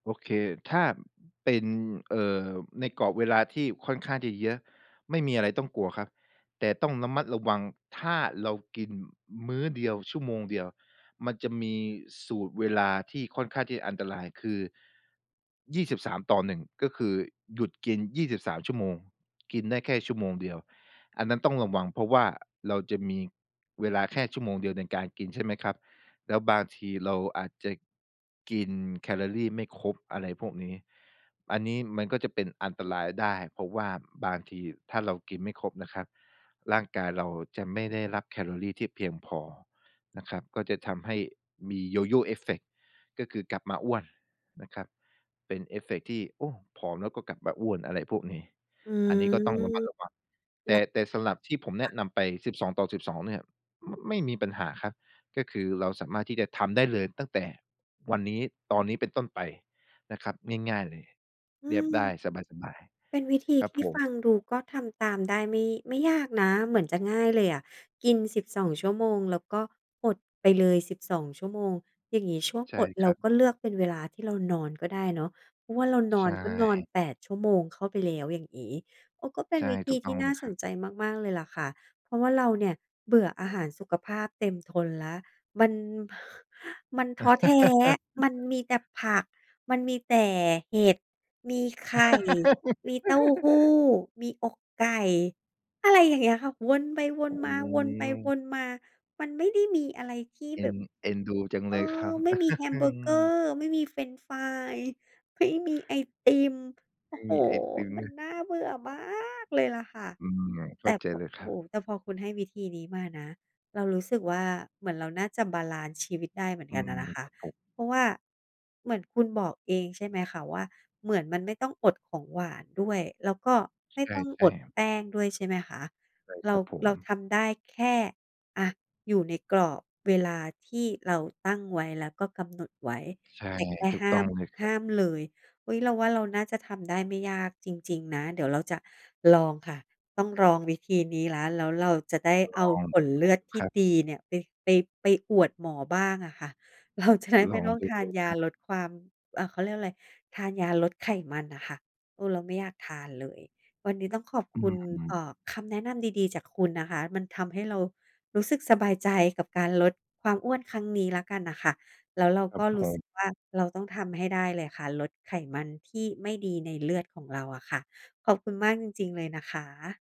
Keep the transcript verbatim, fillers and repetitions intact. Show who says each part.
Speaker 1: โอเค ถ้าเป็น เอ่อ ในกรอบเวลา ที่ค่อนข้างจะเยอะ ไม่มีอะไรต้องกลัวครับ แต่ต้องระมัดระวัง ถ้าเรากินมื้อเดียว ชั่วโมงเดียว มันจะมีสูตรเวลา ที่ค่อนข้างที่อันตรายคือ ยี่สิบสามต่อหนึ่ง ก็คือหยุดกิน ยี่สิบสาม ชั่วโมง กินได้แค่ชั่วโมงเดียว อันนั้นต้องระวัง เพราะว่า เราจะมีเวลาแค่ชั่วโมงเดียว ในการกิน ใช่ไหมครับ แล้วบางทีเราอาจจะกินแคลอรีไม่ครบ อะไรพวกนี้ อันนี้มันก็จะเป็นอันตรายได้ เพราะว่าบางที ถ้าเรากินไม่ครบนะครับ ร่างกายเราจะไม่ได้รับแคลอรี ที่เพียงพอนะครับ ก็จะทำให้มี Yo-Yo Effect ก็คือกลับมาอ้วนนะครับ เป็นเอฟเฟกต์ที่ โอ้ ผอมแล้วก็กลับมาอ้วน อะไรพวกนี้
Speaker 2: อื
Speaker 1: อันนี้ก็ต้องระม
Speaker 2: ม
Speaker 1: ัดระวัง แ
Speaker 2: เ
Speaker 1: ต
Speaker 2: ร
Speaker 1: ่
Speaker 2: า
Speaker 1: แต่สำหรับที่ผมแ
Speaker 2: ค
Speaker 1: น
Speaker 2: ่ะ
Speaker 1: ะนำไป สิบสองต่อสิบสอง เนี่ย ม ไม่มีปัญหาครับ ก็คือเราสามารถที่จะทำได้เลยตั้งแต่วันนี้ ตอนนี้เป็นต้นไปนะครับ ง่าย ๆ เลย
Speaker 2: อื
Speaker 1: เรียบ
Speaker 2: ม
Speaker 1: ได้สบาย
Speaker 2: เป็นวิธี
Speaker 1: ๆ ครั
Speaker 2: ท
Speaker 1: บ
Speaker 2: ี่
Speaker 1: ผ
Speaker 2: ฟ
Speaker 1: ม
Speaker 2: ังดูก็ทำตามได้ไม่ ไม่ยากนะ เหมือนจะง่ายเลยอะ กิน สิบสอง ชั่วโมง แล้วก็อดไปเลย สิบสอง ชั่วโมง อย่างนี้ช่วง
Speaker 1: ใช่
Speaker 2: อด
Speaker 1: ค
Speaker 2: เร
Speaker 1: ร
Speaker 2: า
Speaker 1: ับ
Speaker 2: ก็เลือกเป็นเวลาที่เรานอนก็ได้เนาะ เพราะว่า เราน
Speaker 1: ใช
Speaker 2: อนก็นอน
Speaker 1: ่
Speaker 2: แปด ชั่วโมงเข้าไปแล้ว อย่างงี้ เออ ก็เป็
Speaker 1: ใช
Speaker 2: น
Speaker 1: ่
Speaker 2: วิธ
Speaker 1: ถู
Speaker 2: ี
Speaker 1: กต
Speaker 2: ท
Speaker 1: ้อ
Speaker 2: ี่
Speaker 1: ง
Speaker 2: น
Speaker 1: เล
Speaker 2: ่า
Speaker 1: ยค
Speaker 2: ส
Speaker 1: รับ
Speaker 2: นใจมาก ๆ เลยล่ะค่ะ เพราะว่า เราเนี่ยเบื่ออาหารสุขภาพเต็มทนแล้ว มัน มันท้อแท้ มันมีแต่ผัก มันมีแต่เห็ด มีไข่ มีเต้าหู้ มีอกไก่ อะไรอย่างเงี้ยค่ะ วนไปว
Speaker 1: อื
Speaker 2: นมา วนไปว
Speaker 1: ม
Speaker 2: นมา มันไม่ได้มีอะไรที่
Speaker 1: เอ
Speaker 2: แ
Speaker 1: ็
Speaker 2: บ
Speaker 1: น
Speaker 2: บ
Speaker 1: เอ็นดูจัง
Speaker 2: เ
Speaker 1: เ
Speaker 2: อ
Speaker 1: ลยครั
Speaker 2: อ
Speaker 1: บ
Speaker 2: ไม่มีแฮมเบอร์เกอร์ ไม่มีเฟรนช์ฟราย ไม่มีไอติม โอ
Speaker 1: ไม
Speaker 2: ้
Speaker 1: ่
Speaker 2: โฮ!
Speaker 1: มีไอติม
Speaker 2: ม
Speaker 1: ด
Speaker 2: ั
Speaker 1: ้
Speaker 2: น
Speaker 1: วย
Speaker 2: น่าเบื่อมากเลยล่ะค่ะ
Speaker 1: อืม เข
Speaker 2: แ
Speaker 1: ้
Speaker 2: ต
Speaker 1: า
Speaker 2: ่
Speaker 1: ใจ
Speaker 2: พ
Speaker 1: เลย
Speaker 2: โ
Speaker 1: ค
Speaker 2: อ้
Speaker 1: ร
Speaker 2: โ
Speaker 1: ั
Speaker 2: ฮ
Speaker 1: บ
Speaker 2: แต่พอคุณให้วิธีนี้มานะ เรารู้สึกว่า เหมือนเราน่าจะบาลันซ์ชีวิตได้เหมือน
Speaker 1: อื
Speaker 2: กันน่
Speaker 1: ม
Speaker 2: ะนะค
Speaker 1: ค
Speaker 2: ะ
Speaker 1: รับผม
Speaker 2: เพราะว่า เหมือนคุณบอกเอง ใช่ไหมคะว่า เหมือนมันไม่ต้องอดของหวานด้วย แล้วก็ไม่
Speaker 1: ใช
Speaker 2: ต้องอ
Speaker 1: ่
Speaker 2: ด
Speaker 1: ๆ
Speaker 2: แป้งด้วย ใช่ไหมคะ?
Speaker 1: ใช่
Speaker 2: เร
Speaker 1: ค
Speaker 2: า
Speaker 1: รับผ
Speaker 2: เ
Speaker 1: ม
Speaker 2: ราทำได้แค่ อะ อยู่ในกรอบเวลาที่เราตั้งไว้ แล้วก็กำหนดไว้
Speaker 1: ใช่
Speaker 2: แต่แค่
Speaker 1: ถูก
Speaker 2: ห้
Speaker 1: ต
Speaker 2: า
Speaker 1: ้อง
Speaker 2: ม
Speaker 1: เลยคร
Speaker 2: ห
Speaker 1: ับ
Speaker 2: ้ามเลย อุ๊ย เราว่า เราน่าจะทำได้ไม่ยากจริง ๆ นะ เดี๋ยวเราจะลองค่ะ ต้องลองวิธีนี้แล้ว แล้วเราจะได้
Speaker 1: ล
Speaker 2: เอา
Speaker 1: อง
Speaker 2: ผลเลือดท
Speaker 1: ค
Speaker 2: ี่
Speaker 1: รับ
Speaker 2: ดีเนี่ย ไป ไป ไปอวดหมอบ้างอะค่ะ เราจะได้
Speaker 1: ล
Speaker 2: ไม
Speaker 1: อ
Speaker 2: ่
Speaker 1: ง
Speaker 2: ต้อง
Speaker 1: ดู
Speaker 2: ทา
Speaker 1: เล
Speaker 2: น
Speaker 1: ย
Speaker 2: ย
Speaker 1: ค
Speaker 2: า
Speaker 1: รับ
Speaker 2: ลดความ อ่า เขาเรียกว่าอะไร ทานยาลดไขมันน่ะค่ะ เออ เราไม่อยากทานเลย วันนี้ต้องขอบ
Speaker 1: อื
Speaker 2: คุณ เ
Speaker 1: ม
Speaker 2: อ่อ คำแนะนำดี ๆ จากคุณนะคะ มันทำให้เรารู้สึกสบายใจ กับการลดความอ้วนครั้งนี้แล้วกันน่ะค่ะ แล้วเรา
Speaker 1: คร
Speaker 2: ก
Speaker 1: ับ
Speaker 2: ็
Speaker 1: ผ
Speaker 2: รู้สึ
Speaker 1: ม
Speaker 2: กว่า เราต้องทำให้ได้เลยค่ะ ลดไขมันที่ไม่ดีในเลือดของเราอะค่ะ ขอบคุณมากจริง ๆ เลยนะคะ